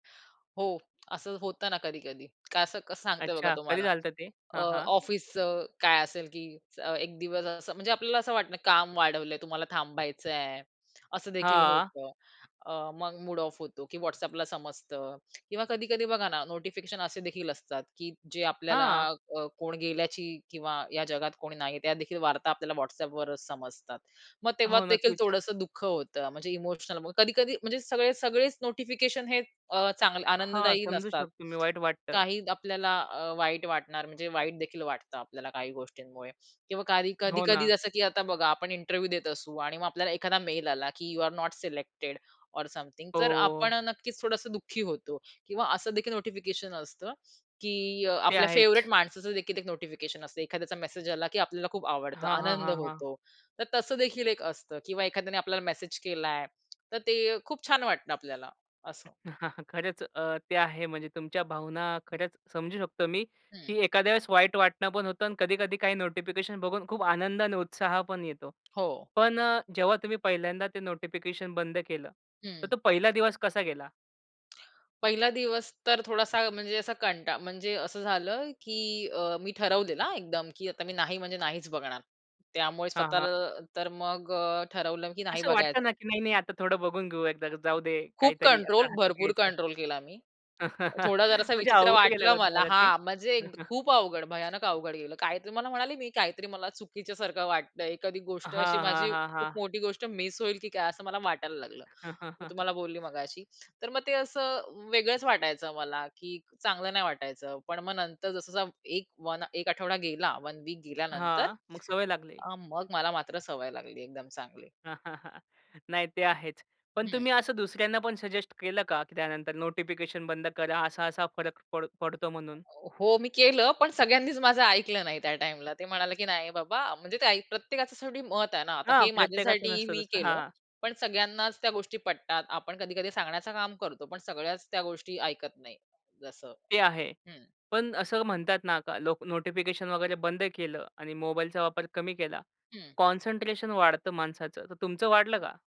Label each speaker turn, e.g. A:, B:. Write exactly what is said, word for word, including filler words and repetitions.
A: हो. असं होतं ना, कधी-कधी. काय असं कसं सांगते बघा
B: अच्छा. कधी
A: तुम्हाला.
B: झालं होतं ते?
A: अ,
B: हां, हां.
A: ऑफिसचं काय असेल, की एक दिवस असं म्हणजे आपल्याला असं वाटतं काम वाढवलंय. तुम्हाला थांबायचंय असं देखील
B: हां.
A: होतं. अ, मग मूड ऑफ होतो, की WhatsAppला समजतं. किंवा कधी-कधी बघा ना, नोटिफिकेशन असे देखील असतात, की जे आपल्याला
B: हां.
A: क कोण गेल्याची किंवा या जगात कोणी नाहीये, त्या देखील वार्ता आपल्याला WhatsAppवरच समजतात. मग तेव्हा
B: हो,
A: देखील
B: नक्कीच.
A: थोडसं दुःख होतं. म्हणजे इमोशनल, मग कधी-कधी म्हणजे सगळे सगळेच नोटिफिकेशन हे अ, चांग
B: हां,
A: आनंददायी
B: समजू
A: नसतात.
B: शकतो मी. वाईट वाटतं.
A: काही आपल्याला अ, वाईट वाटणार, म्हणजे वाईट देखील वाटतं आपल्याला काही गोष्टींमुळे. किंवा काही
B: हो
A: कधी-कधी
B: ना.
A: जसं, की आता बघा आपण इंटरव्ह्य देत असू आणि मग आपल्याला एखादा मेल आला, की "यू अरे नोट सिलेक्टेड ऑर समथिंग." तर आपण
B: हो.
A: नक्कीच थोडंसं दुःखी होतो. किंवा असं देखील नोटिफिकेशन असतं, की अ,
B: ते
A: आपल्या फेव्हरेट
B: आहेच.
A: माणसाचं देखील एक नोटिफिकेशन असतं. एखाद्याचा मेसेज आला, की आपल्याला खूप आवडतं.
B: हां, हां,
A: आनंद
B: हां, हां.
A: होतो. तर तसं देखील एक असतं किंवा एखाद्याने आपल्याला मेसेज केलाय. तर ते खूप छान वाटतं आपल्याला असं.
B: खरंच अ, ते आहे. म्हणजे तुमच्या भावना खरंच समजू शकतो मी,
A: हं.
B: की एखाद्या वेळेस वाईट वाटणं पण होतं आणि कधी-कधी काही नोटिफिकेशन बघून खूप आनंद आणि उत्साह पण येतो.
A: हो.
B: पण अ, जेव्हा तुम्ही पहिल्यांदा ते नोटिफिकेशन बंद केलं, तर
A: हं.
B: तो पहिला दिवस कसा गेला?
A: पहिला दिवस, तर थोडासा म्हणजे असा कंटा म्हणजे असं झालं, की अ, मी ठरवलेलं हां एकदम, की आता मी नाही म्हणजे नाहीच बघणार. त्यामुळे
B: हां, हां.
A: स्वतःला तर मग अ, ठरवलं की नाही
B: असं
A: बघायचं.
B: वाटत ना, की नाही-नाही, आता थोडं बघून घेऊ. एकदा जाऊदे
A: खूप
B: काहीतरी
A: कंट्रोल
B: असं हातात
A: भरपूर
B: घ्यायचं.
A: कंट्रोल केला मी. थोडा जरासा
B: म्हणजे
A: विचित्र
B: अवघड गेलं
A: वाटलं
B: का
A: मला
B: तुम्हाला ते?
A: हां, म्हणजे खूप अवघड, भयानक अवघड गेलं. काहीतरी मला म्हणाले मी काहीतरी मला चुकीच्या सारखं वाटतंय. एखादी गोष्ट अशी
B: हां, हां,
A: माझी
B: हां,
A: खूप
B: हां.
A: मोठी गोष्ट मिस होईल की काय असं मला वाटायला लागलं. मी तुम्हाला बोलली मघाशी. तर मग ते असं वेगळंच वाटायचं मला, की चांगलं नाही वाटायचं. पण मग नंतर जसं जसा एक वन एक आठवडा गेला, वन वीक गेल्यानंतर
B: हां. मग सवय लागली.
A: अ, मग मला मात्र सवय लागली एकदम चांगली.
B: नाही ते आहेच. पण
A: हं.
B: तुम्ही असं दुसऱ्यांना पण सजेस्ट केलं का की त्यानंतर नोटिफिकेशन बंद करा, असा-असा फरक पड पडतो म्हणून?
A: हो. मी केलं पण सगळ्यांनीच माझं ऐकलं नाही त्या टाईमला. ते म्हणाले, की "नाही, बाबा," म्हणजे ते ऐ प्रत्येकाचं शेवटी मत आहे ना. आता
B: हां,
A: हे
B: प्रत्येकाचं
A: माझ्यासाठी
B: नसतं
A: मी
B: तसं
A: केलं.
B: हां.
A: पण सगळ्यांनाच त्या गोष्टी पटतात. आपण कधी-कधी सांगण्याचं काम करतो. पण सगळ्याच त्या गोष्टी ऐकत नाही जसं
B: ते आहे.
A: हं.
B: पण असं म्हणतात ना, का लोक, नोटिफिकेशन वगैरे बंद केलं आणि मोबाईलचा वापर कमी केला.
A: हं.
B: कॉन्सन्ट्रेशन वाढतं माणसाचं. तर तुमचं वाढलं का?